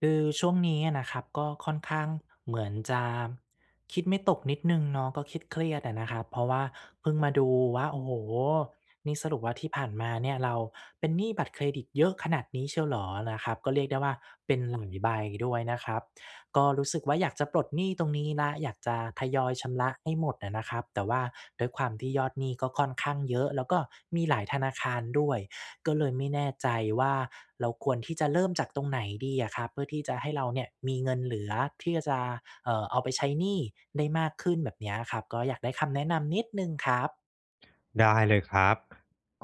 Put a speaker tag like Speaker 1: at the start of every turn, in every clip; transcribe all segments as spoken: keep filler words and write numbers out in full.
Speaker 1: คือช่วงนี้อะนะครับก็ค่อนข้างเหมือนจะ คิดไม่ตกนิดหนึ่งเนาะ ก็เครียด ๆ อะนะครับ เพราะว่าเพิ่งมาดูว่า โอ้โฮ นี่สรุปว่าที่ผ่านมาเนี่ย เราเป็นหนี้บัตรเครดิตเยอะขนาดนี้เชียวเหรอ? นะครับ ก็เรียกได้ว่าเป็น [unintelligible] ใบด้วยนะครับ ก็รู้สึกว่า อยากจะปลดหนี้ตรงนี้แล้ว อยากจะทยอยชำระให้หมดอะนะครับ แต่ว่าด้วยความที่ยอดหนี้ก็ค่อนข้างเยอะ แล้วก็มีหลายธนาคารด้วย ก็เลยไม่แน่ใจว่า เราควรที่จะเริ่มจากตรงไหนดีอะครับ? เพื่อที่จะให้เราเนี่ยมีเงินเหลือที่จะ เอ่อ เอาไปใช้หนี้ได้มากขึ้น แบบเนี้ยอะครับ ก็อยากได้คำแนะนำนิดหนึ่งครับ
Speaker 2: ได้เลยครับ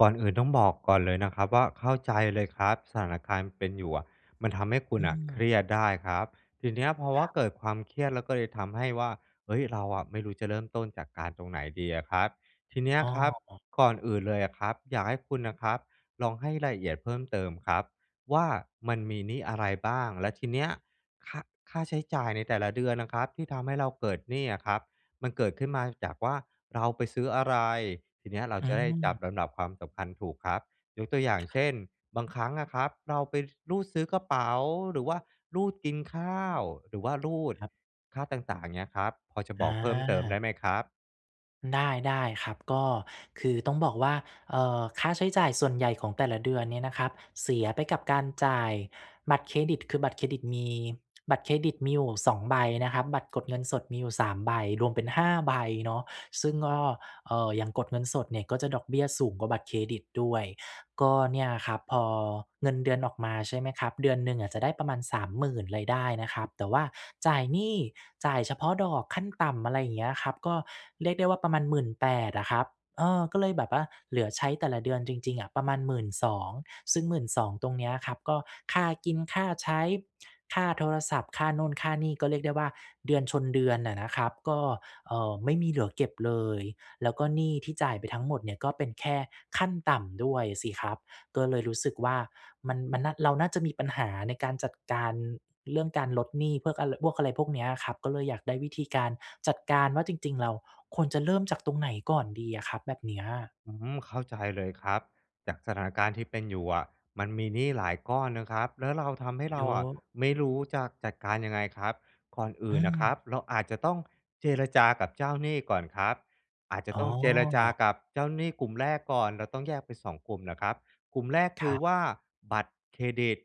Speaker 2: ก่อนอื่นต้องบอกก่อนเลยนะครับว่า เข้าใจเลยครับ สถานการณ์เป็นอยู่อะ มันทำให้ค
Speaker 1: อ
Speaker 2: ุณอะเค
Speaker 1: ืม
Speaker 2: รียดได้ครับ ทีเนี้ยเพราะว
Speaker 1: ค
Speaker 2: ่า
Speaker 1: รับ
Speaker 2: เกิดความเครียดแล้วก็เลยทำให้ว่า เฮ้ย เราอะไม่รู้จะเริ่มต้นจัดการตรงไหนดีอะครับ ทีเนี้ย
Speaker 1: อ้อ
Speaker 2: ครับ
Speaker 1: อ๋อ
Speaker 2: ก่อนอื่นเลยอะครับ อยากให้คุณนะครับ ลองให้รายละเอียดเพิ่มเติมครับว่า มันมีหนี้อะไรบ้าง? แล้วทีเนี้ย คะ ค่าใช้จ่ายในแต่ละเดือนนะครับที่ทำให้เราเกิดหนี้อะครับ มันเกิดขึ้นมาจากว่า เราไปซื้ออะไร? ทีเนี้ยเรา
Speaker 1: อื
Speaker 2: จะได้จับ
Speaker 1: ม
Speaker 2: ลำดับความสำคัญถูกครับ ยกตัวอย่างเช่น บางครั้งอะครับ เราไป ซ รูดซื้อกระเป๋า หรือว่ารูดกินข้าว หรือว่ารูด
Speaker 1: ครับ
Speaker 2: ค่าต่าง ๆ เงี้ยครับ พอจะบ
Speaker 1: อ
Speaker 2: อกเพิ่มเติมได้
Speaker 1: า
Speaker 2: ไหมครับ?
Speaker 1: ได้ ๆ ครับ ก็ คือต้องบอกว่า เอ่อ ค่าใช้จ่ายส่วนใหญ่ของแต่ละเดือนเนี่ยนะครับ เสียไปกับการจ่ายบัตรเครดิต คือบัตรเครดิตมี บัตรเครดิตมีอยู่ สอง ใบนะครับ บัตรกดเงินสดมีอยู่ สาม ใบ รวมเป็น ห้า ใบเนาะ ซึ่งก็ เอ่อ อย่างกดเงินสดเนี่ย ก็จะดอกเบี้ยสูงกว่าบัตรเครดิตด้วย ก็เนี่ยครับ พอเงินเดือนออกมาใช่ไหมครับ เดือนหนึ่งอะจะได้ประมาณ สามหมื่น รายได้นะครับ แต่ว่าจ่ายหนี้ จ่ายเฉพาะดอกขั้นต่ำ อะไรอย่างเงี้ยครับ ก็เรียกได้ว่าประมาณ หมื่นแปด อะครับ เออ ก็เลยแบบว่าเหลือใช้แต่ละเดือนจริง ๆ อะ ประมาณ หมื่นสอง ซึ่ง หมื่นสอง ตรงเนี้ยครับก็ค่ากินค่าใช้ ค่าโทรศัพท์ ค่านู่นค่านี่ ก็เรียกได้ว่า เดือนชนเดือนน่ะนะครับ ก็ เอ่อ ไม่มีเหลือเก็บเลย แล้วก็หนี้ที่จ่ายไปทั้งหมดเนี่ยก็เป็นแค่ขั้นต่ำด้วยสิครับ ก็เลยรู้สึกว่า มัน มันน่า เราน่าจะมีปัญหาในการจัดการเรื่องการลดหนี้พวกอะไร พวกอะไรพวกเนี้ยครับ ก็เลยอยากได้วิธีการจัดการว่าจริง ๆ เราควรจะเริ่มจากตรงไหนก่อนดีอะครับ? แบบเนี้ย
Speaker 2: อืม เข้าใจเลยครับ จากสถานการณ์ที่เป็นอยู่อะ มันมีหนี้หลายก้อนนะครับ แล้วเรา ทำให้เร
Speaker 1: เย
Speaker 2: า
Speaker 1: อ
Speaker 2: อะ
Speaker 1: ะ
Speaker 2: ไม่รู้จะจัดการยังไงครับ ก่อนอื
Speaker 1: อื
Speaker 2: ่นน่ะคร
Speaker 1: ม
Speaker 2: ับ เราอาจจะต้องเจรจากับเจ้าหนี้ก่อนครับ อาจจะ
Speaker 1: อ๋
Speaker 2: ต้องเจรจา
Speaker 1: อ
Speaker 2: กับเจ้าหนี้กลุ่มแรกก่อน เราต้องแยกเป็น สอง กลุ่มนะครับ กลุ่มแรก
Speaker 1: ค
Speaker 2: คือว่
Speaker 1: รับ
Speaker 2: า บัตรเครดิต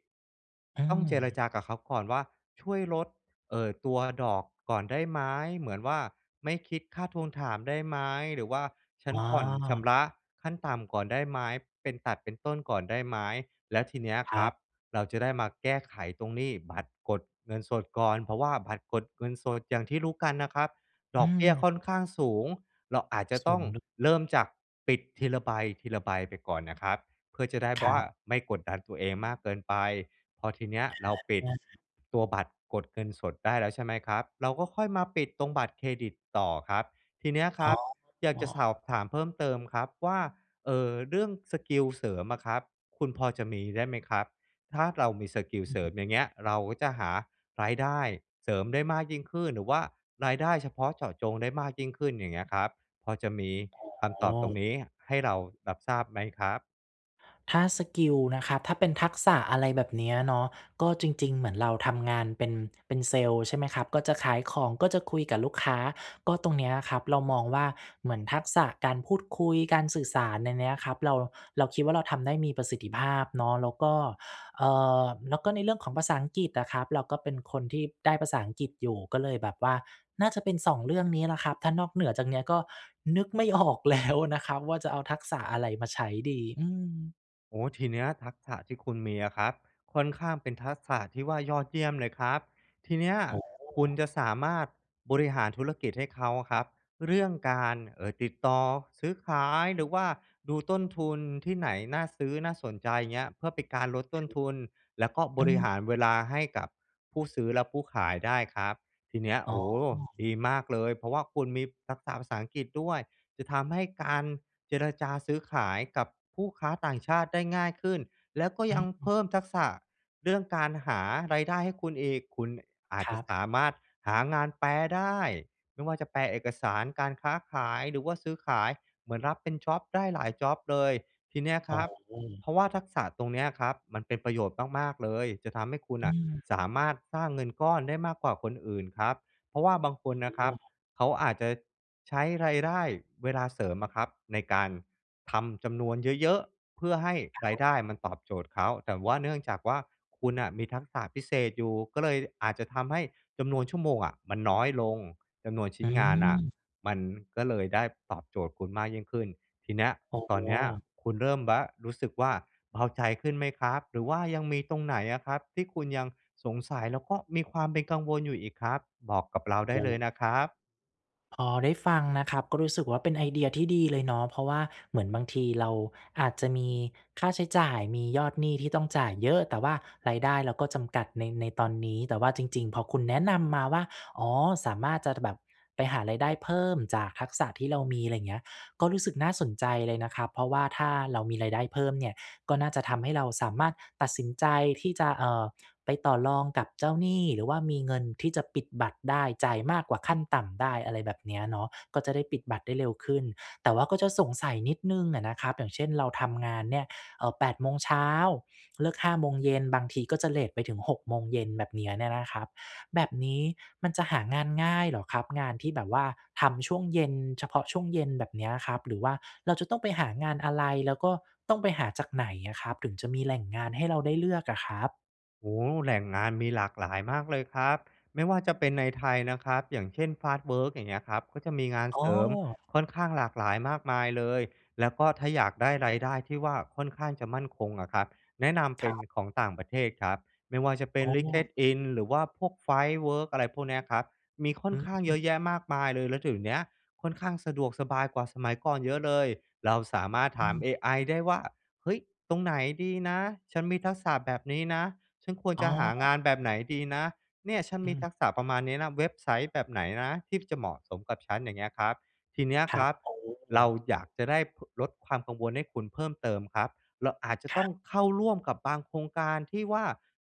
Speaker 1: อื
Speaker 2: ต้องเจร
Speaker 1: ม
Speaker 2: จากับเขาก่อนว่า "ช่วยลด เอ่อ ตัวดอกก่อนได้ไหม?" เหมือนว่า "ไม่คิดค่าทวงถามได้ไหม?" หรือว่า "ฉั
Speaker 1: อ๋
Speaker 2: นผ่อนชำระ
Speaker 1: อ
Speaker 2: ขั้นต่ำก่อนได้ไหม? เป็นตัดเป็นต้นก่อนได้ไหม?" แล้วทีเนี้ย
Speaker 1: ค
Speaker 2: ค
Speaker 1: ร
Speaker 2: ร
Speaker 1: ั
Speaker 2: ับ
Speaker 1: บ
Speaker 2: เราจะได้มาแก้ไขตรงหนี้บัตรกดเงินสดก่อน เพราะว่าบัตรกดเงินสด อย่างที่รู้กันนะครับ
Speaker 1: อ
Speaker 2: ด
Speaker 1: ื
Speaker 2: อกเบี้ย
Speaker 1: ม
Speaker 2: ค่อนข้างสูง เราอาจจะ
Speaker 1: ส
Speaker 2: ต
Speaker 1: ู
Speaker 2: ้อ
Speaker 1: ง
Speaker 2: ง
Speaker 1: ลึก
Speaker 2: เริ่มจากปิดทีละใบ ทีละใบไปก่อนนะครับ เพื่อจะได้
Speaker 1: ครั
Speaker 2: ว่า
Speaker 1: บ
Speaker 2: ไม่กดดันตัวเองมากเกินไป พอทีเนี้ยเราปิด
Speaker 1: อา
Speaker 2: ตัวบัตรกดเงินสดได้แล้วใช่ไหมครับ? เราก็ค่อยมาปิดตรงบัตรเครดิตต่อครับ ทีเนี้ยค
Speaker 1: อ้
Speaker 2: ร
Speaker 1: อ
Speaker 2: ับ อยา
Speaker 1: อ
Speaker 2: ก
Speaker 1: ๋
Speaker 2: จะสอ
Speaker 1: อ
Speaker 2: บถามเพิ่มเติมครับว่า เออ เรื่องสกิลเสริมอะครับ คุณพอจะมีได้ไหมครับ? ถ้าเรามีสกิล
Speaker 1: อื
Speaker 2: เสริ
Speaker 1: ม
Speaker 2: มอย่างเงี้ย เราก็จะหารายได้เสริมได้มากยิ่งขึ้น หรือว่ารายได้เฉพาะเจาะจงได้มากยิ่งขึ้นอย่างเงี้ยครับ พอจะมีค
Speaker 1: อ
Speaker 2: ำ
Speaker 1: ๋
Speaker 2: ตอบตรงนี
Speaker 1: อ
Speaker 2: ้ให้เรารับทราบไหมครับ?
Speaker 1: ถ้าสกิลนะครับ ถ้าเป็นทักษะ อะไรแบบเนี้ยเนาะ ก็จริง ๆ เหมือนเราทำงานเป็น เป็นเซลส์ใช่ไหมครับ ก็จะขายของ ก็จะคุยกับลูกค้า ก็ตรงเนี้ยอะครับ เรามองว่า เหมือนทักษะการพูดคุย การสื่อสารในเนี้ยครับ เรา เราคิดว่าเราทำได้มีประสิทธิภาพเนาะ แล้วก็ เอ่อ แล้วก็ในเรื่องของภาษาอังกฤษอะครับ เราก็เป็นคนที่ได้ภาษาอังกฤษอยู่ ก็เลยแบบว่าน่าจะเป็น สอง เรื่องนี้แหละครับ ถ้านอกเหนือจากเนี้ย ก็นึกไม่ ออกแล้ว นะครับว่า จะเอาทักษะอะไรมาใช้ดี อืม
Speaker 2: โอ้โฮ ทีเนี้ยทักษะที่คุณมีอะครับ ค่อนข้างเป็นทักษะที่ว่ายอดเยี่ยมเลยครับ ทีเนี้ย
Speaker 1: โอ้โ
Speaker 2: คุณ
Speaker 1: ฮ
Speaker 2: จะสามารถบริหารธุรกิจให้เขาอะครับ เรื่องการ เอ่อ ติดต่อซื้อขาย หรือว่าดูต้นทุนที่ไหนน่าซื้อ น่าสนใจเงี้ย เพื่อเป็นการลดต้นทุน แล้วก็
Speaker 1: อ
Speaker 2: บ
Speaker 1: ื
Speaker 2: ริ
Speaker 1: ม
Speaker 2: หารเวลาให้กับผู้ซื้อ และผู้ขายได้ครับ ทีเนี้ย
Speaker 1: อ๋
Speaker 2: โอ
Speaker 1: อ
Speaker 2: ้โฮ ดีมากเลย เพราะว่าคุณมีทักษะภาษาอังกฤษด้วย จะทำให้การเจรจาซื้อขายกับผู้ค้าต่างชาติได้ง่ายขึ้น แล้วก็
Speaker 1: อื
Speaker 2: ยังเพ
Speaker 1: ม
Speaker 2: ิ่มทักษะเรื่องการหารายได้ให้คุณอีก คุณอาจ
Speaker 1: คร
Speaker 2: จ
Speaker 1: ั
Speaker 2: ะส
Speaker 1: บ
Speaker 2: ามารถหางานแปลได้ ไม่ว่าจะแปลเอกสารการค้าขาย หรือว่าซื้อขาย เหมือนรับเป็นจ็อบได้หลายจ็อบเลย ทีเนี้ย
Speaker 1: อ
Speaker 2: ค
Speaker 1: ๋
Speaker 2: ร
Speaker 1: อ
Speaker 2: ับ เพราะว่าทักษะตรงเนี้ยครับ มันเป็นประโยชน์มาก ๆ เลย จะทำให้คุณ
Speaker 1: อื
Speaker 2: อะ
Speaker 1: ม
Speaker 2: สามารถสร้างเงินก้อนได้มากกว่าคนอื่นครับ เพราะว่าบางคนนะค
Speaker 1: อ
Speaker 2: ร
Speaker 1: ๋
Speaker 2: ับ
Speaker 1: อ
Speaker 2: เขาอาจจะใช้รายได้ เวลาเสริมอะครับในการทำจำนวนเยอะ ๆ เพื่อให้ร
Speaker 1: คร
Speaker 2: าย
Speaker 1: ับ
Speaker 2: ได้มันตอบโจทย์เขา แต่ว่าเนื่องจากว่า คุณอะมีทักษะพิเศษอยู่ ก็เลยอาจจะทำให้จำนวนชั่วโมงอะมันน้อยลง จำนวนช
Speaker 1: อ
Speaker 2: ิ
Speaker 1: ื
Speaker 2: ้นงานอะ
Speaker 1: ม
Speaker 2: มันก็เลยได้ตอบโจทย์คุณมากยิ่งขึ้น ทีเนี้ย
Speaker 1: อ๋อ
Speaker 2: ตอนเนี้ยคุณเริ่มบะ รู้สึกว่าเบาใจขึ้นไหมครับ? หรือว่ายังมีตรงไหนอะครับที่คุณยังสงสัย แล้วก็มีความเป็นกังวลอยู่อีกครับ? บอกกับเราได้เล
Speaker 1: เออ
Speaker 2: ยนะครับ
Speaker 1: พอได้ฟังนะครับ ก็รู้สึกว่าเป็นไอเดียที่ดีเลยเนาะ เพราะว่าเหมือนบางทีเราอาจจะมีค่าใช้จ่าย มียอดหนี้ที่ต้องจ่ายเยอะ แต่ว่ารายได้เราก็จำกัดใน ในตอนนี้ แต่ว่าจริง ๆ พอคุณแนะนำมาว่า อ๋อ สามารถจะแบบไปหารายได้เพิ่มจากทักษะที่เรามี อะไรอย่างเงี้ย ก็รู้สึกน่าสนใจเลยนะครับ เพราะว่าถ้าเรามีรายได้เพิ่มเนี่ย ก็น่าจะทำให้เราสามารถตัดสินใจที่จะ เอ่อ ไปต่อรองกับเจ้าหนี้ หรือว่ามีเงินที่จะปิดบัตรได้ จ่ายมากกว่าขั้นต่ำได้ อะไรแบบเนี้ยเนาะ ก็จะได้ปิดบัตรได้เร็วขึ้น แต่ว่าก็จะสงสัยนิดหนึ่งน่ะนะครับ อย่างเช่น เราทำงานเนี่ย เอ่อ แปด โมงเช้า เลิก ห้า โมงเย็น บางทีก็จะเลตไปถึง หก โมงเย็น แบบนี้เนี่ยนะครับ แบบนี้มันจะหางานง่ายเหรอครับ? งานที่แบบว่าทำช่วงเย็น เฉพาะช่วงเย็นแบบเนี้ยครับ หรือว่าเราจะต้องไปหางานอะไร? แล้วก็ต้องไปหาจากไหนอะครับ? ถึงจะมีแหล่งงานให้เราได้เลือกอะครับ?
Speaker 2: โอ้โฮ แหล่งงานมีหลากหลายมากเลยครับ ไม่ว่าจะเป็นในไทยนะครับ อย่างเช่น Fastwork อย่างเงี้ยครับ ก็จะมีงาน
Speaker 1: อ้
Speaker 2: เสริม
Speaker 1: อ
Speaker 2: ค่อนข้างหลากหลายมากมายเลย แล้วก็ถ้าอยากได้รายได้ที่ว่าค่อนข้างจะมั่นคงอะครับ แนะนำ
Speaker 1: ค
Speaker 2: เป
Speaker 1: ร
Speaker 2: ็น
Speaker 1: ับ
Speaker 2: ของต่างประเทศครับ ไม่ว่าจะเป็
Speaker 1: อ
Speaker 2: น
Speaker 1: ๋อ
Speaker 2: LinkedIn หรือว่าพวก Firework อะไรพวกเนี้ยครับ มีค่
Speaker 1: อ
Speaker 2: อ
Speaker 1: ื
Speaker 2: นข้างเยอะแย
Speaker 1: ม
Speaker 2: ะมากมายเลย แล้วเดี๋ยวเนี้ย ค่อนข้างสะดวกสบายกว่าสมัยก่อนเยอะเลย เราสามารถ
Speaker 1: อ
Speaker 2: ถ
Speaker 1: ื
Speaker 2: าม
Speaker 1: ม
Speaker 2: AI ได้ว่า "เฮ้ย ตรงไหนดีนะ? ฉันมีทักษะแบบนี้นะ ฉันควร
Speaker 1: อ๋
Speaker 2: จะ
Speaker 1: อ
Speaker 2: หางานแบบไหนดีนะ? เนี่ยฉัน
Speaker 1: อ
Speaker 2: มี
Speaker 1: ืม
Speaker 2: ทักษะประมาณนี้นะ เว็บไซต์แบบไหนนะที่จะเหมาะสมกับฉัน?" อย่างเงี้ยครับ ทีเนี้ย
Speaker 1: คร
Speaker 2: ค
Speaker 1: ั
Speaker 2: ร
Speaker 1: บ
Speaker 2: ับ
Speaker 1: โอ้
Speaker 2: เราอยากจะได้ พ ลดความกังวลให้คุณเพิ่มเติมครับ เราอาจจะ
Speaker 1: คร
Speaker 2: ต้อง
Speaker 1: ับ
Speaker 2: เข้าร่วมกับบางโครงการที่ว่า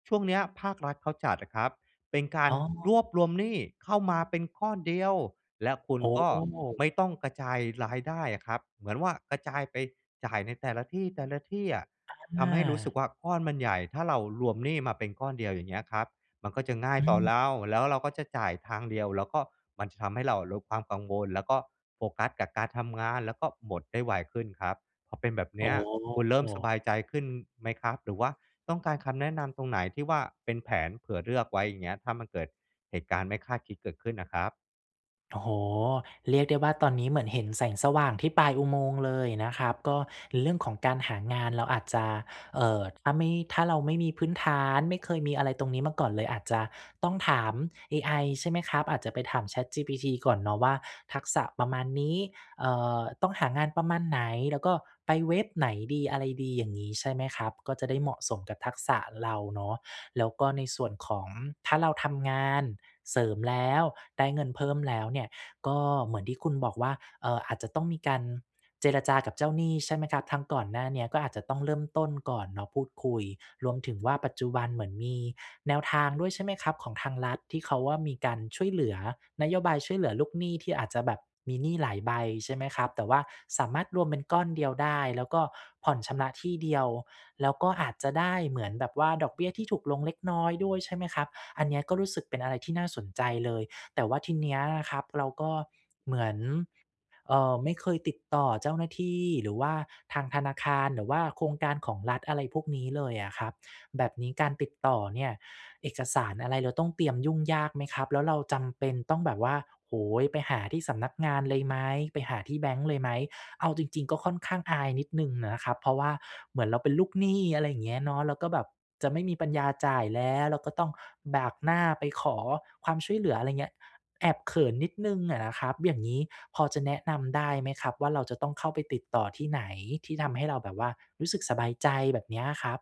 Speaker 2: ช่วงเนี้ยภาครัฐเขาจัดอะครับ เป็นกา
Speaker 1: อ
Speaker 2: ร
Speaker 1: ๋อ
Speaker 2: รวบรวมหนี้เข้ามาเป็นก้อนเดียว และคุ
Speaker 1: โ
Speaker 2: ณ
Speaker 1: อ
Speaker 2: ก็
Speaker 1: ้
Speaker 2: ไม่ต้องกระจายรายได้อะครับ เหมือนว่ากระจายไปจ่ายในแต่ละที่ แต่ละที่อะ ท
Speaker 1: อ
Speaker 2: ำให้รู้สึ
Speaker 1: า
Speaker 2: กว่า ก้อนมันใหญ่ ถ้าเรารวมหนี้มาเป็นก้อนเดียว อย่างเงี้ยครับ มันก็จะง่า
Speaker 1: อ
Speaker 2: ยต่อ
Speaker 1: ืม
Speaker 2: เรา แล้วเราก็จะจ่ายทางเดียว แล้วก็มันจะทำให้เราลดความกังวล แล้วก็โฟกัสกับการทำงาน แล้วก็หมดได้ไวขึ้นครับ พอเป็นแบบเ
Speaker 1: อ
Speaker 2: น
Speaker 1: ๋
Speaker 2: ี้
Speaker 1: อ
Speaker 2: ย คุณเริ่มสบายใจขึ้นไหมครับ? หรือว่าต้องการคำแนะนำตรงไหน? ที่ว่าเป็นแผนเผื่อเลือกไว้อย่างเงี้ย ถ้ามันเกิดเหตุการณ์ไม่คาดคิดเกิดขึ้นอะครับ
Speaker 1: โอ้โฮ เรียกได้ว่าตอนนี้เหมือนเห็นแสงสว่างที่ปลายอุโมงค์เลยอะนะครับ ก็เรื่องของการหางานเราอาจจะ เอ่อ ถ้าไม่ ถ้าเราไม่มีพื้นฐาน ไม่เคยมีอะไรตรงนี้มาก่อนเลย อาจจะต้องถาม AI ใช่ไหมครับ? อาจจะไปถาม ChatGPT ก่อนเนาะว่า ทักษะประมาณนี้ เอ่อ ต้องหางานประมาณไหน แล้วก็ไปเว็บไหนดี อะไรดีอย่างนี้ใช่ไหมครับ? ก็จะได้เหมาะสมกับทักษะเราเนาะ แล้วก็ในส่วนของ ถ้าเราทำงานเสริมแล้ว ได้เงินเพิ่มแล้วเนี่ย ก็เหมือนที่คุณบอกว่า เอ่อ อาจจะต้องมีการเจรจากับเจ้าหนี้ใช่ไหมครับ? ทั้งก่อนหน้าเนี้ย ก็อาจจะต้องเริ่มต้นก่อนเนาะพูดคุย รวมถึงว่าปัจจุบันเหมือนมีแนวทางด้วยใช่ไหมครับ? ของทางรัฐที่เขาว่ามีการช่วยเหลือ นโยบายช่วยเหลือลูกหนี้ที่อาจจะแบบมีหนี้หลายใบใช่ไหมครับ? แต่ว่าสามารถรวมเป็นก้อนเดียวได้ แล้วก็ผ่อนชำระที่เดียว แล้วก็อาจจะได้เหมือนแบบว่า ดอกเบี้ยที่ถูกลงเล็กน้อยด้วยใช่ไหมครับ? อันเนี้ย ก็รู้สึกเป็นอะไรที่น่าสนใจเลย แต่ว่าทีเนี้ยนะครับ เราก็เหมือน เอ่อ ไม่เคยติดต่อเจ้าหน้าที่ หรือว่าทางธนาคาร หรือว่าโครงการของรัฐ อะไรพวกนี้เลยอะครับ แบบนี้การติดต่อเนี่ย เอกสารอะไรเราต้องเตรียมยุ่งยากไหมครับ? แล้วเราจำเป็นต้องแบบว่า โอ้โฮ ไปหาที่สำนักงานเลยไหม? ไปหาที่แบงก์เลยไหม? เอาจริง ๆ ก็ค่อนข้างอายนิดหนึ่งอะนะครับ เพราะว่าเหมือนเราเป็นลูกหนี้ อะไรอย่างเงี้ยเนาะ แล้วก็แบบจะไม่มีปัญญาจ่ายแล้ว แล้วก็ต้องบากหน้าไปขอความช่วยเหลือ อะไรอย่างเงี้ย แอบเขินนิดหนึ่งอะนะครับ อย่างนี้พอจะแนะนำได้ไหมครับว่า เราจะต้องเข้าไปติดต่อที่ไหน? ที่ทำให้เราแบบว่ารู้สึกสบายใจแบบเนี้ยครับ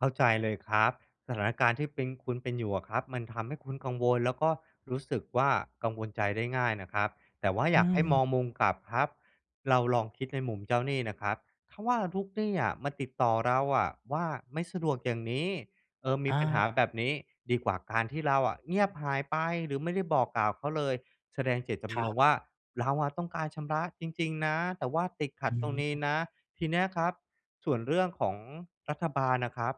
Speaker 2: เข้าใจเลยครับ สถานการณ์ที่เป็น คุณเป็นอยู่อะครับ มันทำให้คุณกังวล แล้วก็รู้สึกว่า กังวลใจได้ง่ายนะครับ แต่ว่า
Speaker 1: อ
Speaker 2: อ
Speaker 1: ื
Speaker 2: ยากให้
Speaker 1: ม
Speaker 2: มองมุมกลับครับ เราลองคิดในมุมเจ้าหนี้นะครับ ถ้าว่าลูกหนี้อะมาติดต่อเราอะว่า ไม่สะดวกอย่างนี้ เอ่อ มีปัญหา
Speaker 1: อา
Speaker 2: แบบนี้ ดีกว่าการที่เราอะเงียบหายไป หรือไม่ได้บอกกล่าวเขาเลย แสดงเจตจ
Speaker 1: คร
Speaker 2: ำน
Speaker 1: ับ
Speaker 2: งค์ว่า เราอะต้องการชำระจริง ๆ นะ แต่ว่าติดข
Speaker 1: อ
Speaker 2: ั
Speaker 1: ื
Speaker 2: ดตรงนี้
Speaker 1: ม
Speaker 2: นะ ทีเนี้ยครับ ส่วนเรื่องของรัฐบาลอะครับ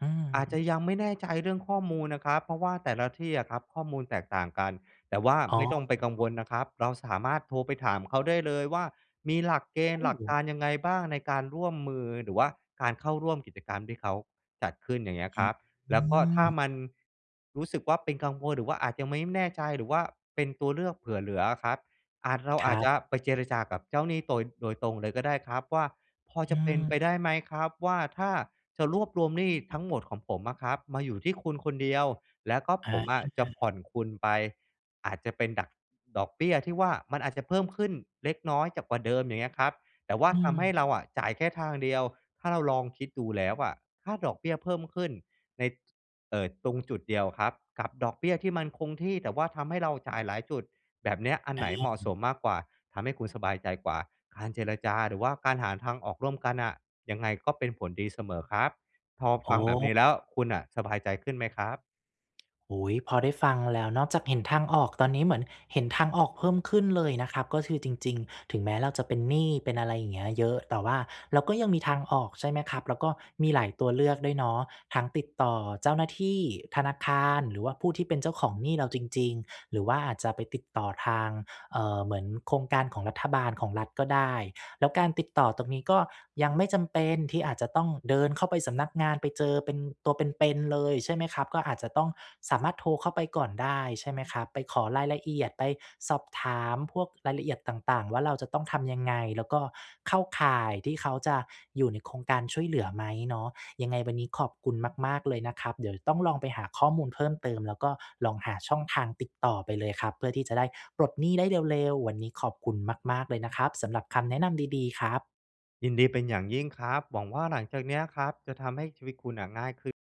Speaker 1: อื
Speaker 2: อาจ
Speaker 1: ม
Speaker 2: จะยังไม่แน่ใจเรื่องข้อมูลนะครับ เพราะว่าแต่ละที่อะครับข้อมูลแตกต่างกัน แต่ว่า
Speaker 1: อ๋
Speaker 2: ไม
Speaker 1: อ
Speaker 2: ่ต้องไปกังวลนะครับ เราสามารถโทรไปถามเขาได้เลยว่า มีหลักเกณฑ
Speaker 1: อ
Speaker 2: ์
Speaker 1: ื
Speaker 2: หลักก
Speaker 1: ม
Speaker 2: ารยังไงบ้างในการร่วมมือ หรือว่าการเข้าร่วมกิจกรรมที่เขาจัดขึ้นอย่างเงี้ย
Speaker 1: อื
Speaker 2: คร
Speaker 1: ม
Speaker 2: ับ
Speaker 1: อ
Speaker 2: แ
Speaker 1: ื
Speaker 2: ล้วก็ถ้า
Speaker 1: ม
Speaker 2: มัน รู้สึกว่าเป็นกังวล หรือว่าอาจจะไม่แน่ใจ หรือว่าเป็นตัวเลือกเผื่อเหลืออะครับ อาจ เรา
Speaker 1: ค
Speaker 2: อ
Speaker 1: รั
Speaker 2: าจ
Speaker 1: บ
Speaker 2: จะไปเจรจากับเจ้าหนี้โตย โดยตรงเลยก็ได้ครับว่า "พอ
Speaker 1: อ
Speaker 2: จ
Speaker 1: ื
Speaker 2: ะเป็นไป
Speaker 1: ม
Speaker 2: ได้ไหมครับว่า ถ้าจะรวบรวมหนี้ทั้งหมดของผมอะครับมาอยู่ที่คุณคนเดียว แล้วก็
Speaker 1: อ
Speaker 2: ผมอะ
Speaker 1: า
Speaker 2: จะผ่อนคุณไป อาจจะเป็นดัก ดอกเบี้ยที่ว่ามันอาจจะเพิ่มขึ้นเล็กน้อยจาก กว่าเดิมอย่างเงี้ยครับ แต่ว่า
Speaker 1: อื
Speaker 2: ทำให้
Speaker 1: ม
Speaker 2: เราอะจ่ายแค่ทางเดียว ถ้าเราลองคิดดูแล้วอะ ค่าดอกเบี้ยเพิ่มขึ้นใน เอ่อ ตรงจุดเดียวครับ กับดอกเบี้ยที่มันคงที่ แต่ว่าทำให้เราจ่ายหลายจุด แบบเนี้ยอัน
Speaker 1: อ
Speaker 2: ไหนเหมาะ
Speaker 1: ื
Speaker 2: ส
Speaker 1: ม
Speaker 2: มมากกว่า ทำให้คุณสบายใจกว่า การเจรจา หรือว่าการหาทางออกร่วมกันอะ ยังไงก็เป็นผลดีเสมอครับ พอ
Speaker 1: โอ
Speaker 2: ฟังแบบนี้
Speaker 1: ้
Speaker 2: แล้ว คุณน่ะสบายใจขึ้นไหมครับ?
Speaker 1: อุ๊ย พอได้ฟังแล้ว นอกจากเห็นทางออก ตอนนี้เหมือนเห็นทางออกเพิ่มขึ้นเลยนะครับ ก็คือจริง ๆ ถึงแม้เราจะเป็นหนี้ เป็นอะไรอย่างเงี้ยเยอะ แต่ว่าเราก็ยังมีทางออกใช่ไหมครับ? แล้วก็มีหลายตัวเลือกด้วยเนาะ ทั้งติดต่อเจ้าหน้าที่ ธนาคาร หรือว่าผู้ที่เป็นเจ้าของหนี้เราจริง ๆ หรือว่าอาจจะไปติดต่อทาง เอ่อ เหมือนโครงการของรัฐบาล ของรัฐก็ได้ แล้วการติดต่อตรงนี้ ก็ยังไม่จำเป็นที่อาจจะต้องเดินเข้าไปสำนักงานไปเจอเป็น ตัวเป็น ๆ เลยใช่ไหมครับ? ก็อาจจะต้อง สามารถโทรเข้าไปก่อนได้ใช่ไหมครับ? ไปขอรายละเอียด ไปสอบถามพวกรายละเอียดต่าง ๆ ว่า เราจะต้องทำยังไง? แล้วก็เข้าข่ายที่เขาจะอยู่ในโครงการช่วยเหลือไหม? เนาะ ยังไงวันนี้ขอบคุณมาก ๆ เลยนะครับ เดี๋ยวต้องลองไปหาข้อมูลเพิ่มเติม แล้วก็ลองหาช่องทางติดต่อไปเลยครับ เพื่อที่จะได้ปลดหนี้ได้เร็ว ๆ วันนี้ขอบคุณมาก ๆ เลยนะครับ สำหรับคำแนะนำดี ๆ ครับ
Speaker 2: ยินดีเป็นอย่างยิ่งครับ หวังว่าหลังจากเนี้ยครับ จะทำให้ชีวิตคุณน่ะง่ายขึ้น